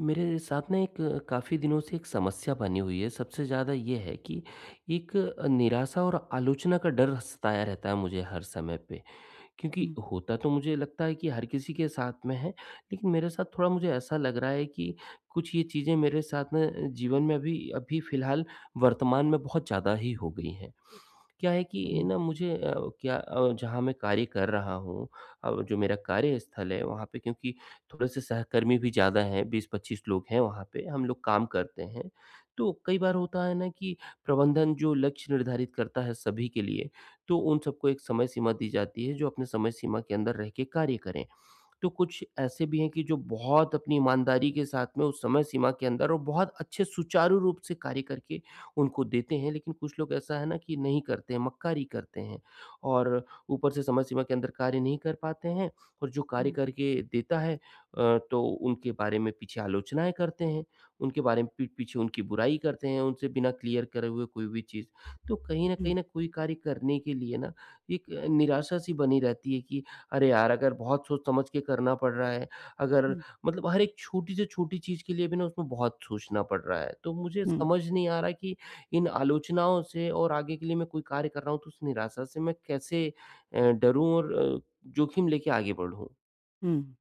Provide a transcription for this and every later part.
मेरे साथ में एक काफ़ी दिनों से एक समस्या बनी हुई है, सबसे ज़्यादा ये है कि एक अ, निराशा और आलोचना का डर सताया रहता है मुझे हर समय पे। क्योंकि हुँ। होता तो मुझे लगता है कि हर किसी के साथ में है लेकिन मेरे साथ थोड़ा मुझे ऐसा लग रहा है कि कुछ ये चीज़ें मेरे साथ में जीवन में अभी अभी फिलहाल वर्तमान में बहुत ज़्यादा ही हो गई हैं। क्या है कि हुँ। ना, मुझे अ, क्या अ, जहाँ मैं कार्य कर रहा हूँ और जो मेरा कार्यस्थल है, वहाँ पे क्योंकि थोड़े-से सहकर्मी भी ज़्यादा हैं, 20-25 लोग हैं वहाँ पे हम लोग काम करते हैं। तो कई बार होता है ना कि प्रबंधन जो लक्ष्य निर्धारित करता है सभी के लिए, तो उन सबको एक समय सीमा दी जाती है, जो अपने समय सीमा के अंदर रह के कार्य करें। तो कुछ ऐसे भी हैं कि जो बहुत अपनी ईमानदारी के साथ में उस समय-सीमा के अंदर और बहुत अच्छे सुचारू रूप से कार्य करके उनको देते हैं लेकिन कुछ लोग ऐसा है ना कि नहीं करते हैं, मक्कारी करते हैं और ऊपर से समय सीमा के अंदर कार्य नहीं कर पाते हैं और जो कार्य हुँ। करके देता है अ, तो उनके बारे में पीछे आलोचनाएँ करते हैं। उनके बारे में पीठ पीछे उनकी बुराई करते हैं उनसे बिना क्लियर करे हुए कोई भी चीज़। तो कहीं न हुँ। कहीं ना, कोई कार्य करने के लिए ना एक निराशा-सी बनी रहती है कि अरे! यार, अगर बहुत सोच-समझ के करना पड़ रहा है, अगर हुँ। मतलब हर एक छोटी से छोटी चीज़ के लिए भी ना उसमें बहुत सोचना पड़ रहा है। तो मुझे हुँ। समझ नहीं आ रहा है कि इन आलोचनाओं से और आगे के लिए मैं कोई कार्य कर रहा हूँ तो उस निराशा से मैं कैसे अ, डरूँ और अ, जोखिम लेके आगे बढ़ूँ? हुँ।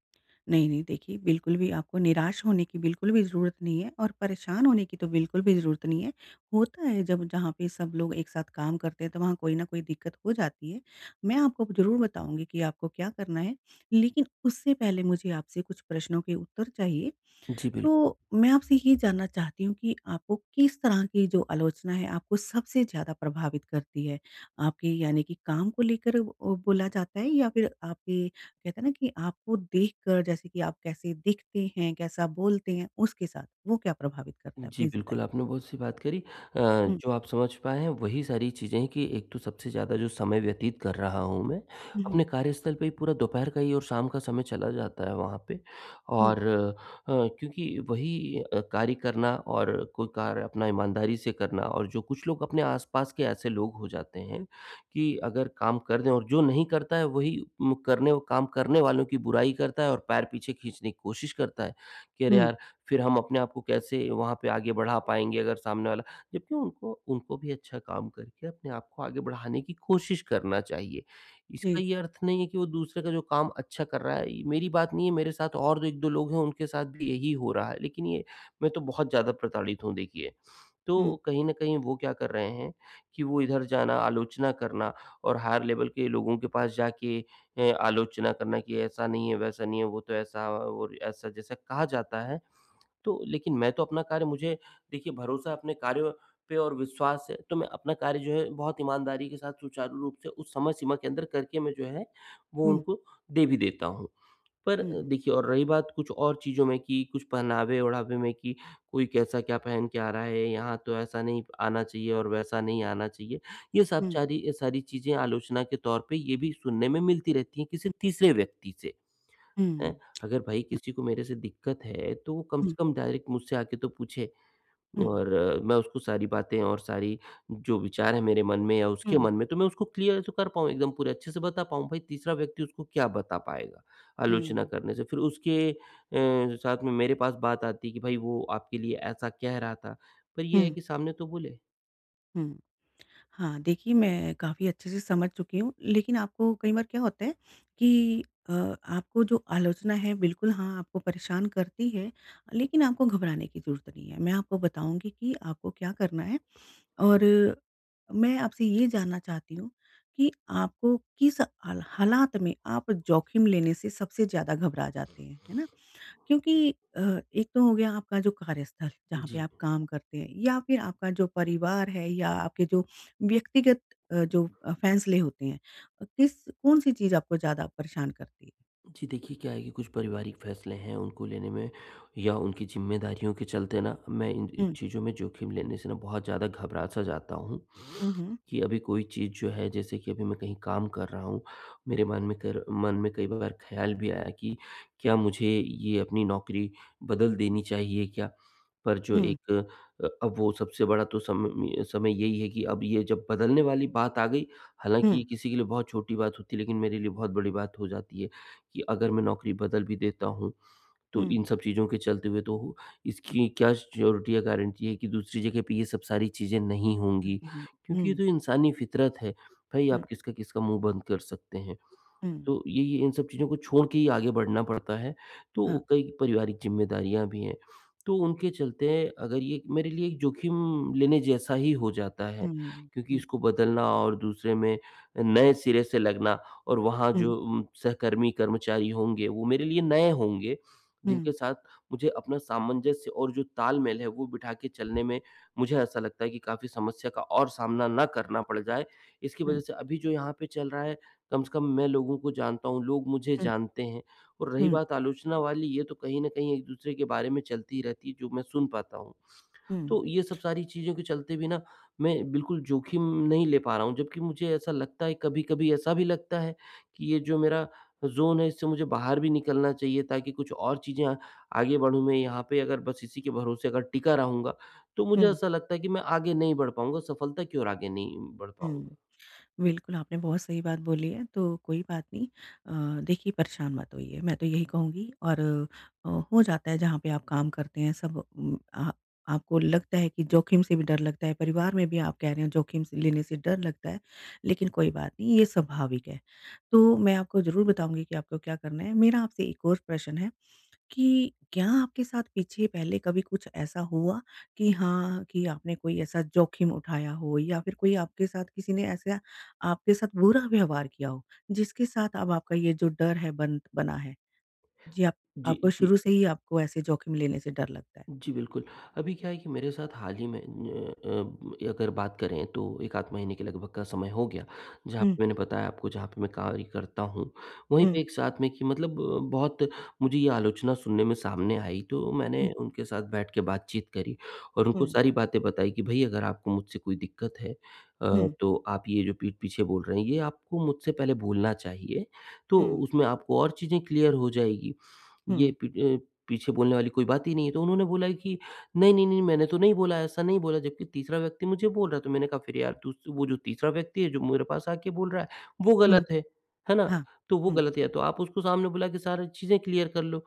नहीं, नहीं, देखिए, बिल्कुल भी आपको निराश होने की बिल्कुल भी ज़रूरत नहीं है और परेशान होने की तो बिल्कुल भी ज़रूरत नहीं है। होता है, जब जहाँ पे सब लोग एक साथ काम करते हैं, तो वहाँ कोई ना कोई दिक्कत हो जाती है। मैं आपको ज़रूर बताऊँगी कि आपको क्या करना है, लेकिन उससे पहले मुझे आपसे कुछ प्रश्नों के उत्तर चाहिए। जी, बिल तो मैं आपसे ये जानना चाहती हूँ कि आपको किस तरह की जो आलोचना है, आपको सबसे ज़्यादा प्रभावित करती है? आपके, यानी कि काम को लेकर अ, बोला जाता है या फिर आपके, कहते हैं ना कि आपको देखकर, जैसे कि आप कैसे दिखते हैं, कैसा बोलते हैं, उसके साथ, वो क्या प्रभावित करता है? जी प्लीज़ बिल्कुल, बताइए। आपने बहुत सही बात करी। अ, हुँ। जो आप समझ पाए हैं, वही सारी चीज़ें हैं कि एक तो सबसे ज़्यादा जो समय व्यतीत कर रहा हूँ मैं, हुँ, अपने हुँ। कार्यस्थल पे ही पूरा दोपहर का ही और शाम का समय चला जाता है वहाँ पे हुँ। और अ, क्योंकि वही अ, कार्य करना और कोई कार्य अपना ईमानदारी से करना और जो कुछ लोग अपने आस-पास के ऐसे लोग हो जाते हैं कि अगर काम कर दें और जो नहीं करता है, वही मुकरने ओ काम करने वालों की बुराई करता है और पैर पीछे खींचने की कोशिश करता है कि, "अरे! हुँ। यार, फिर हम अपने आप को कैसे वहाँ पे आगे बढ़ा पाएँगे, अगर सामने वाला" जबकि उनको उनको भी अच्छा काम करके अपने आप को आगे बढ़ाने की कोशिश करना चाहिए। इसका जी। ये अर्थ नहीं है कि वो दूसरे का जो काम अच्छा कर रहा है ये मेरी बात नहीं है, मेरे साथ और 2 1-2 लोग हैं, उनके साथ भी यही हो रहा है। लेकिन ये मैं तो बहुत ज़्यादा प्रताड़ित हूँ, देखिए। हुँ। तो कहीं न कहीं वो क्या कर रहे हैं कि वो इधर जाना, आलोचना करना और हायर लेवल के लोगों के पास जाके अ, आलोचना करना कि ऐसा नहीं है, वैसा नहीं है, वो तो ऐसा और ऐसा, जैसे कहा जाता है। तो लेकिन मैं तो अपना कार्य मुझे, देखिए, भरोसा अपने कार्यों पे और विश्वास है, तो मैं अपना कार्य जो है, बहुत ईमानदारी के साथ, सुचारू रूप से उस समय सीमा के अंदर करके, मैं जो है, वो हुँ। उनको दे भी देता हूँ। पर हुँ। देखिए और रही बात कुछ और चीज़ों में कि कुछ पहनावे-ओढ़ावे में कि, "कोई कैसा क्या पहन के आ रहा है, यहाँ तो ऐसा नहीं आना चाहिए और वैसा नहीं आना चाहिए।" ये सब हुँ। चारी अ, सारी चीज़ें आलोचना के तौर पे ये भी सुनने में मिलती रहती हैं, किसी तीसरे व्यक्ति से। हैं? हुँ। अगर भई, अ किसी को मेरे से दिक्कत है, तो वो कम हुँ। से कम डायरेक्ट मुझसे आके तो पूछे हुँ। और मैं उसको सारी बातें और सारी जो विचार हैं मेरे मन में या उसके हुँ। मन में, तो मैं उसको क्लियर तो कर पाऊँ, एकदम पूरे अच्छे से बता पाऊँ। भई, तीसरा व्यक्ति उसको क्या बता पाएगा आलोचना हुँ। करने से? फिर उसके अ, साथ में मेरे पास बात आती है कि, "भई, वो आपके लिए ऐसा कह रहा था।" पर ये है हुँ। कि सामने तो बोले। हुँ। हाँ, देखिए मैं काफ़ी अच्छे से समझ चुकी हूँ। लेकिन आपको कई बार क्या होता है कि अ, आपको जो आलोचना है, बिल्कुल हाँ, आपको परेशान करती है लेकिन आपको घबराने की ज़रूरत नहीं है। मैं आपको बताऊँगी कि आपको क्या करना है। और मैं आपसे ये जानना चाहती हूँ कि आपको किस अल हालात में आप जोखिम लेने से सबसे ज़्यादा घबरा जाते हैं? है ना? क्योंकि अ, एक तो हो गया आपका जो कार्यस्थल है जहाँ पे जी। आप काम करते हैं या फिर आपका जो परिवार है या आपके जो व्यक्तिगत अ, जो फैसले होते हैं किस कौन-सी चीज़ आपको ज़्यादा परेशान करती है? जी देखिए क्या है कि कुछ पारिवारिक फैसले हैं उनको लेने में या उनकी ज़िम्मेदारियों के चलते ना मैं इन हुँ। चीज़ों में जोखिम लेने से ना बहुत ज़्यादा घबरा-सा जाता हूँ। हुँ, हुँ। कि अभी कोई चीज़ जो है जैसे कि अभी मैं कहीं काम कर रहा हूँ, मेरे मन में कर मन में कई बार ख्याल भी आया कि क्या मुझे ये अपनी नौकरी बदल देनी चाहिए क्या? पर जो हुँ। एक अ, अब वो सबसे बड़ा तो समम समय यही है कि अब ये जब बदलने वाली बात आ गई हालाँकि हुँ। ये किसी के लिए बहुत छोटी बात होती है लेकिन मेरे लिए बहुत बड़ी बात हो जाती है। कि अगर मैं नौकरी बदल भी देता हूँ तो हुँ। इन सब चीज़ों के चलते हुए तो हूँ, इसकी क्या सिऑरिटी या गारंटी है कि दूसरी जगह पे ये सब सारी चीज़ें नहीं हुँ, होंगी। हुँ, हुँ। क्योंकि ये हुँ। तो इंसानी फितरत है। भई हुँ। आप किसका-किसका मुँह बंद कर सकते हैं। हुँ। तो ये ये इन सब चीज़ों को छोड़ के ही आगे बढ़ना पड़ता है। तो हाँ। कई पारिवारिक ज़िम्मेदारियाँ भी हैं, तो उनके चलते अगर ये मेरे लिए एक जोखिम लेने जैसा ही हो जाता है। हुँ, हुँ। क्योंकि हुँ। इसको बदलना और दूसरे में नए सिरे से लगना और वहाँ हुँ। जो म सहकर्मी कर्मचारी होंगे वो मेरे लिए नए होंगे, जिनके हुँ। साथ मुझे अपना सामंजस्य और जो तालमेल है वो बिठा के चलने में मुझे ऐसा लगता है कि काफ़ी समस्या का और सामना ना करना पड़ जाए। इसकी वजह हुँ। से अभी जो यहाँ पे चल रहा है, कम से कम मैं लोगों को जानता हूँ, लोग मुझे हुँ। जानते हैं। और रही हुँ। बात आलोचना वाली ये तो कहीं न कहीं एक दूसरे के बारे में चलती रहती है जो मैं सुन पाता हूँ। हुँ। तो ये सब सारी चीज़ों के चलते भी ना मैं बिल्कुल जोखिम नहीं ले पा रहा हूँ। जब्कि मुझे ऐसा लगता है कभी-कभी ऐसा भी लगता है कि ये जो मेरा ज़ोन है इससे मुझे बाहर भी निकलना चाहिए ताकि कुछ और चीज़ें अ, आगे बढ़ूँ मैं। यहाँ पे अगर बस इसी के भरोसे अगर टिका रहूँगा तो मुझे हुँ। ऐसा लगता है कि मैं आगे नहीं बढ़ पाऊँगा। सफलता की ओर आगे नहीं बढ़ हुँ। पाऊँगा। बिल्कुल आपने बहुत सही बात बोली है। तो कोई बात नहीं। अ, देखिए परेशान मत होइए मैं तो यही कहूँगी। और अ, हो जाता है, जहाँ पे आप काम करते हैं सब उम, आह, आपको लगता है कि जोखिम से भी डर लगता है, परिवार में भी आप कह रहे हैं जोखिम से लेने से डर लगता है। लेकिन कोई बात नहीं, ये स्वाभाविक है। तो मैं आपको ज़रूर बताऊँगी कि आपको क्या करना है। मेरा आपसे एक और प्रश्न है कि क्या आपके साथ पीछे पहले कभी कुछ ऐसा हुआ कि हाँ, कि आपने कोई ऐसा जोखिम उठाया हो? या फिर कोई आपके साथ किसी ने ऐसा आपके साथ बुरा व्यवहार किया हो जिसके साथ अब आपका ये जो डर है बन बना है? जी आप जी, आपको जी। शुरू से ही आपको ऐसे जोखिम लेने से डर लगता है? जी, बिल्कुल। अभी क्या है कि मेरे साथ हाल ही में न्य अ, अगर बात करें तो 1 आध महीने के लगभग का समय हो गया, जहाँ हुँ। पे मैंने बताया आपको जहाँ पे मैं कार्य करता हूँ, वहीं पे हुँ। एक साथ में कि मतलब बहुत मुझे ये आलोचना सुनने में सामने आई तो हुँ। मैंने उनके साथ बैठ के बातचीत करी। और उनको हुँ। सारी बातें बताई कि भई अगर आपको मुझसे कोई दिक्कत है अ, हुँ। तो आप ये जो पीठ-पीछे बोल रहे हैं ये आपको मुझसे पहले बोलना चाहिए तो हुँ। उसमें आपको और चीज़ें क्लियर हो जाएगी। ये हुँ। पीठ अ, पीछे बोलने वाली कोई बात ही नहीं है। तो उन्होंने बोला कि "नहीं-नहीं-नहीं मैंने तो नहीं बोला ऐसा, नहीं बोला।" जब्कि तीसरा व्यक्ति मुझे बोल रहा है। तो मैंने कहा फिर यार तू स वो जो तीसरा व्यक्ति है जो मेरे पास आके बोल रहा है वो गलत हुँ। है। है ना? हाँ। तो वो हुँ। गलत है तो आप उसको सामने बुला के सारी चीज़ें क्लियर कर लो।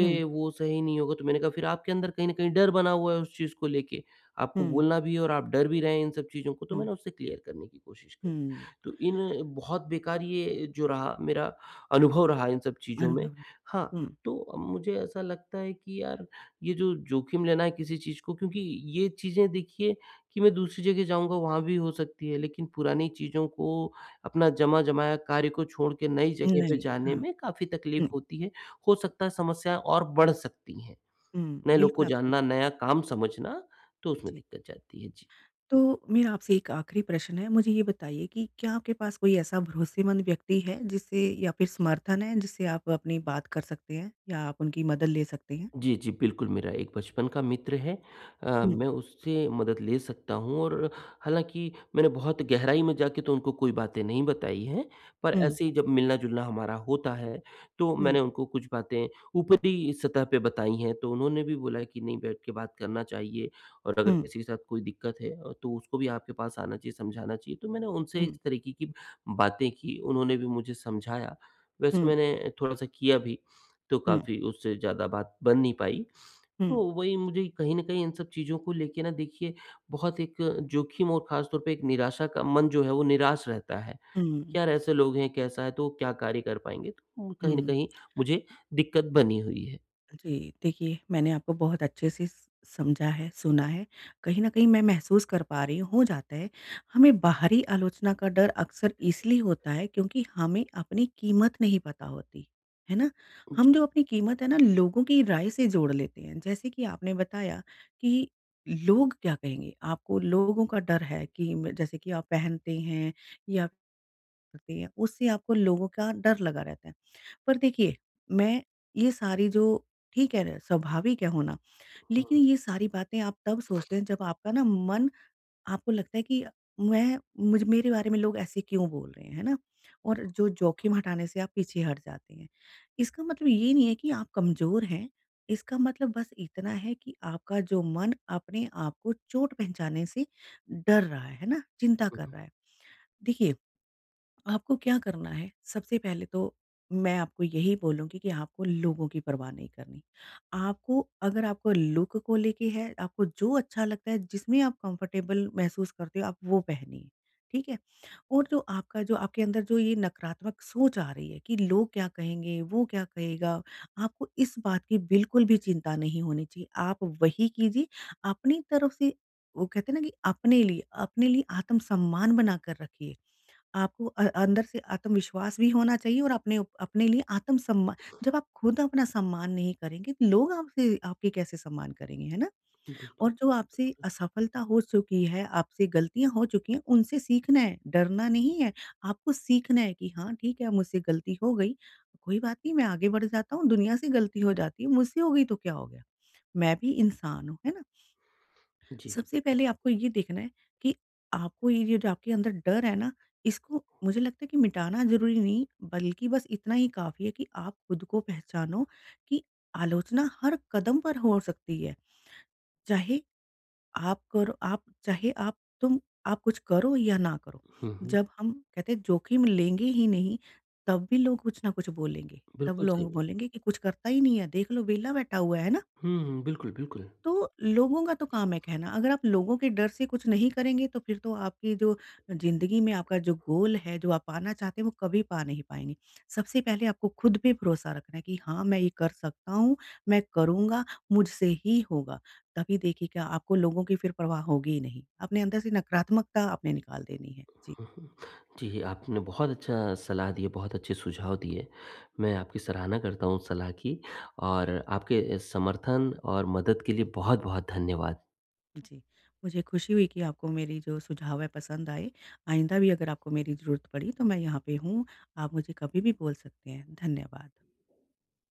हुँ। "वो सही नहीं होगा।" तो मैंने कहा फिर आपके अंदर कहीं न कहीं डर बना हुआ है उस चीज़ को लेके। आपको हुँ। बोलना भी है और आप डर भी रहे हैं इन सब चीज़ों को। तो हुँ। मैंने उसे क्लियर करने की कोशिश करी। हुँ। तो इन बहुत बेकार ये जो रहा, मेरा अनुभव रहा इन सब चीज़ों में। अनुभव, हाँ। हाँ, हुँ। तो मुझे ऐसा लगता है कि यार ये जो जोखिम लेना है किसी चीज़ को क्योंकि ये चीज़ें देखिए कि मैं दूसरी जगह जाऊँगा वहाँ भी हो सकती है लेकिन पुरानी चीज़ों को अपना जमा-जमाया कार्य को छोड़ के नई जगह पे नहीं। जाने हाँ। में काफ़ी तकलीफ हुँ। होती है। हो सकता है समस्या और बढ़ सकती हैं। हुँ। नए लोग बिल्कुल को आप सही जानना, नया काम समझना, तो उसमें जी। दिक्कत जाती है। जी। तो मेरा आपसे एक आखिरी प्रश्न है, मुझे ये बताइए कि क्या आपके पास कोई ऐसा भरोसेमंद व्यक्ति है जिससे या फिर समर्थन है जिससे आप अपनी बात कर सकते हैं? या आप उनकी मदद ले सकते हैं? जी, जी, बिल्कुल। मेरा एक बचपन का मित्र है अ, हुँ। मैं उससे मदद ले सकता हूँ और हालाँकि मैंने बहुत गहराई में जाके तो उनको कोई बातें नहीं बताई हैं पर हुँ। ऐसे ही जब मिलना-जुलना हमारा होता है तो मैंने हुँ। उनको कुछ बातें ऊपरी सतह पे बताई हैं। तो उन्होंने भी बोला है कि नहीं बैठ के बात करना चाहिए और अगर हुँ। किसी के साथ कोई दिक्कत है तो उसको भी आपके पास आना चाहिए, समझाना चाहिए। तो मैंने उनसे हुँ। इस तरीके की बातें की। उन्होंने भी मुझे समझाया। वैसे हुँ। मैंने थोड़ा-सा किया भी तो हुँ। काफ़ी उससे ज़्यादा बात बन नहीं पाई। हुँ। तो वही मुझे कहीं न कहीं इन सब चीज़ों को लेके ना देखिए बहुत एक जोखिम और खासतौर पे एक निराशा का मन जो है वो निराश रहता है। हुँ। यार ऐसे लोग हैं, कैसा है? तो क्या कार्य कर पाएँगे? उम, कहीं न हुँ। कहीं मुझे दिक्कत बनी हुई है। जी। देखिए, मैंने आपको बहुत अच्छे से स समझा है, सुना है, कहीं न कहीं मैं महसूस कर पा रही हूँ हो जाता है। हमें बाहरी आलोचना का डर अक्सर इसलिए होता है क्योंकि हमें अपनी कीमत नहीं पता होती, है ना? हम जी। जब अपनी कीमत है ना लोगों की राय से जोड़ लेते हैं जैसे कि आपने बताया कि लोग क्या कहेंगे? आपको लोगों का डर है कि म जैसे कि आप पहनते हैं या ते है उससे आपको लोगों का डर लगा रहता है पर देखिए मैं ये सारी जो ठीक है स्वाभाविक है होना। लेकिन हुँ। ये सारी बातें आप तब सोचते हैं जब आपका ना मन आपको लगता है कि मैं मुझ मेरे बारे में लोग ऐसे क्यों बोल रहे हैं, है ना? और जो जोखिम हटाने से आप पीछे हट जाते हैं। इसका मतलब ये नहीं है कि आप कमज़ोर हैं इसका मतलब बस इतना है कि आपका जो मन अपने आप को चोट पहचाने से डर रहा है है ना? चिंता हुँ, कर हुँ। रहा है। देखिए, आपको क्या करना है सबसे पहले तो मैं आपको यही बोलूँगी कि आपको लोगों की परवाह नहीं करनी। आपको अगर आपको लूक को लेके है, आपको जो अच्छा लगता है जिसमें आप कम्फ़र्टेबल महसूस करते हो आप वो पहनिए। ठीक है और जो आपका जो आपके अंदर जो ये नकारात्मक सोच आ रही है कि लोग क्या कहेंगे? वो क्या कहेगा? आपको इस बात की बिल्कुल भी चिंता नहीं होनी चाहिए आप वही कीजिए अपनी तरफ से वो कहते हैं ना कि अपने लिए अपने लिए आत्म-सम्मान बना कर रखिए। आपको अ अंदर से आत्मविश्वास भी होना चाहिए और अपने उप अपने लिए आत्म सम्मा जब आप खुद अपना सम्मान नहीं करेंगे तो लोग आपसे आपकी कैसे सम्मान करेंगे, है ना? बिल्कुल, और जो आपसे बिल्कुल। असफलता हो चुकी है, आपसे गलतियाँ हो चुकी हैं, उनसे सीखना है, डरना नहीं है। आपको सीखना है कि हाँ, ठीक है मुझसे गलती हो गई। कोई बात नहीं मैं आगे बढ़ जाता हूँ। दुनिया से गलती हो जाती है। मुझसे हो गई तो क्या हो गया? मैं भी इंसान हूँ, है ना। जी, सबसे पहले जी। आपको ये देखना है कि आपको ये जो आपके अंदर डर है ना इसको मुझे लगता है कि मिटाना ज़रूरी नहीं बल्कि बस इतना ही काफ़ी है कि आप खुद को पहचानो कि आलोचना हर कदम पर हो सकती है। चाहे आप करो आप चाहे आप तुम आप कुछ करो या ना करो हुँ, हुँ। जब हम कहते हैं जोखिम लेंगे ही नहीं तब भी लोग कुछ न कुछ बोलेंगे तब बिल्कुल, सही लोग ब बोलेंगे कि कुछ करता ही नहीं है देख लो वेला बैठा हुआ है ना? हुँ, हुँ। बिल्कुल, बिल्कुल। तो लोगों का तो काम है कहना अगर आप लोगों के डर से कुछ नहीं करेंगे तो फिर तो आपकी जो ज़िंदगी में आपका जो गोल है जो आप पाना चाहते हैं वो कभी पा नहीं पाएँगे। सबसे पहले आपको खुद पे भरोसा रखना है कि हाँ, मैं ये कर सकता हूँ, मैं करूँगा मुझसे ही होगा तभी देखिए क्या आपको लोगों की फिर प्रवाह होगी ही नहीं। अपने अंदर से नकारात्मकता आपने निकाल देनी है। जी। हुँ, हुँ। जी, आपने बहुत अच्छा सलाह दी है, बहुत अच्छे सुझाव दिए। मैं आपकी सराहना करता हूँ सलाह की और आपके समर्थन और मदद के लिए बहुत-बहुत धन्यवाद। जी, मुझे खुशी हुई कि आपको मेरी जो सुझाव है पसंद आए, आइंदा भी अगर आपको मेरी ज़रूरत पड़ी तो मैं यहाँ पे हूँ, आप मुझे कभी भी बोल सकते हैं, धन्यवाद।